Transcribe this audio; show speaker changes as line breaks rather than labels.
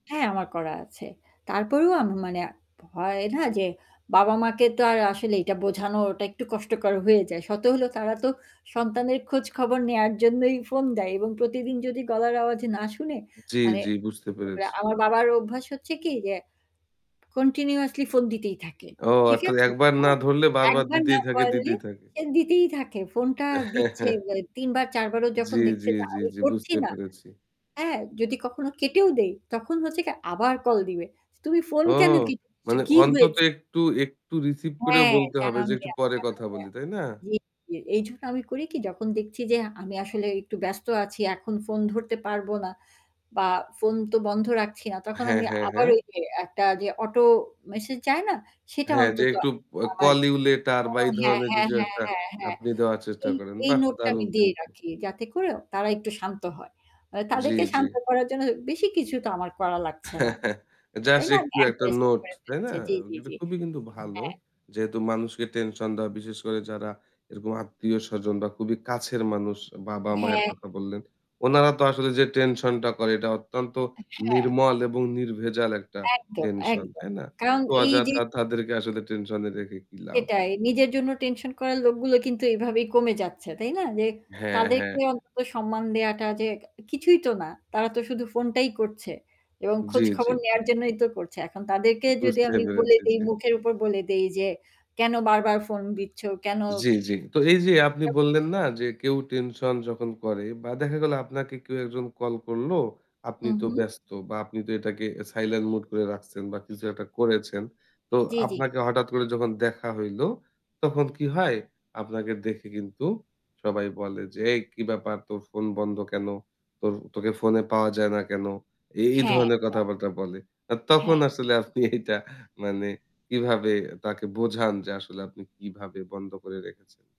হ্যাঁ আমার করা আছে। তারপরেও আমি মানে আ হয় না যে বাবা-মাকে তো আর আসলে এইটা বোঝানো ওটা একটু কষ্টকর হয়ে যায়। শত হলেও তারা তো সন্তানের খোঁজখবর নেওয়ার জন্যই ফোন দেয় এবং প্রতিদিন যদি গলার আওয়াজ না শুনে,
জ্বী,
মানে
জ্বী। বুঝতে
[unintelligible]
পেরেছি।
আমার বাবার অভ্যাস হচ্ছে কি যে continuously ফোন দিতেই থাকে,
ও
ঠিক
আচ্ছা
আছে?
একবার না
হ্যাঁ।
ধরলে বারবার
একবার না
দিতেই থাকে,
পারলে
দিতেই থাকে।
সে দিতেই থাকে। ফোনটা দিচ্ছে মানে ৩ বার, ৪ বারও যখন
জ্বী,
দেখছে
জ্বী,
যে
জ্বী,
আমি
জ্বী।
ধরছি
বুঝতে
না।
পেরেছি।
হ্যাঁ যদি কখনো কেটেও দেই, তখন হচ্ছে কি আবার কল দিবে। "তুমি ফোন
ও!
কেন কেটে দিচ্ছ?
মানে
কি
অন্তত
হয়েছে?"
একটু একটু রিসিভ করেও
হ্যাঁ
বলতে হবে
জানান
যে একটু
দেয়া,
পরে
জানান
কথা বলি,
দেয়া।
তাই না?
জ্বি, জ্বি এইজন্য আমি করি কি? যখন দেখছি যে আমি আসলে একটু ব্যস্ত আছি এখন ফোন ধরতে পারবো না বা ফোন তো বন্ধ রাখছি না। তখন
হ্যাঁ,
আমি
হ্যাঁ,
আবার
হ্যাঁ।
ওই যে একটা যে অটো মেসেজ যায় না? সেটা
হ্যাঁ যে
অন্তত
একটু অ্যা
আমার
call you later বা এই
[unintelligible] হ্যাঁ,
ধরনের
হ্যাঁ,
কিছু
হ্যাঁ,
একটা
হ্যাঁ, হ্যাঁ।
আপনি দেওয়ার চেষ্টা
এই
করেন।
এই
বাহ!
নোটটা আমি
দারুণ
দিয়ে
কিন্তু।
রাখি, যাতে করে তারা একটু শান্ত হয়। অ্যা
জ্বি,
তাদেরকে
জ্বি।
শান্ত করার জন্য বেশি কিছু তো আমার করা লাগছে না। তাই
জাস্ট
না? আমি
একটু একটা
[unintelligible]
নোট তাই না?
ফেলেছি। জী, জী,
কিন্তু
জী।
খুবই কিন্তু ভালো।
হ্যাঁ।
যেহেতু মানুষকে টেনশন দেওয়া বিশেষ করে যারা এরকম আত্মীয়-স্বজন বা খুবই কাছের মানুষ
অ্যা
বাবা-মায়ের
হ্যাঁ।
কথা বললেন। উনারা তো আসলে যে টেনশন টা করে এটা অত্যন্ত
অ্যা হ্যাঁ।
নির্মল এবং নির্ভেজাল একটা
একদম,
টেনশন,
একদম।
তাই না?
কারণ
তো
এই যে
অযথা তাদেরকে আসলে টেনশন এ রেখে কি লাভ?
সেটাই। নিজের জন্য টেনশন করার লোকগুলো কিন্তু এইভাবেই কমে যাচ্ছে, তাই না? যে
হ্যাঁ, হ্যাঁ।
তাদেরকে অন্তত সম্মান দেওয়াটা যে ক কিছুই তো না। তারা তো শুধু ফোনটাই করছে এবং
জ্বী, জ্বী,
খোঁজখবর
জ্বী।
নেওয়ার জন্যই তো করছে। এখন তাদেরকে যদি
বুঝতে
আমি বলে
পেরেছি,
দেই,
জি।
মুখের উপর বলে দেই যে "কেন বারবার ফোন দিচ্ছ? কেন?"
জ্বি, জ্বি। তো এই যে আপনি বললেন, না
[unintelligible]
যে কেউ টেনশন যখন করে বা দেখা গেল আপনাকে কেউ একজন কল করল, আপনি
হু,
তো
হু।
ব্যস্ত বা আপনি তো এটাকে সাইলেন্ট মুড করে রাখছেন বা কিছু একটা করেছেন। তো
জ্বী, জ্বী।
আপনাকে হঠাৎ করে যখন দেখা হইল, তখন কি হয়? আপনাকে দেখে কিন্তু সবাই বলে যে "এই কি ব্যাপার তোর ফোন বন্ধ কেন? তোর তোকে ফোনে পাওয়া যায় না কেন?" এ এই
হ্যাঁ,
ধরনের
হ্যাঁ।
কথাবার্তা বলে। আর তখন
হ্যাঁ।
আসলে আপনি এইটা মানে কিভাবে তাকে বোঝান যে আসলে আপনি কিভাবে বন্ধ করে রেখেছেন?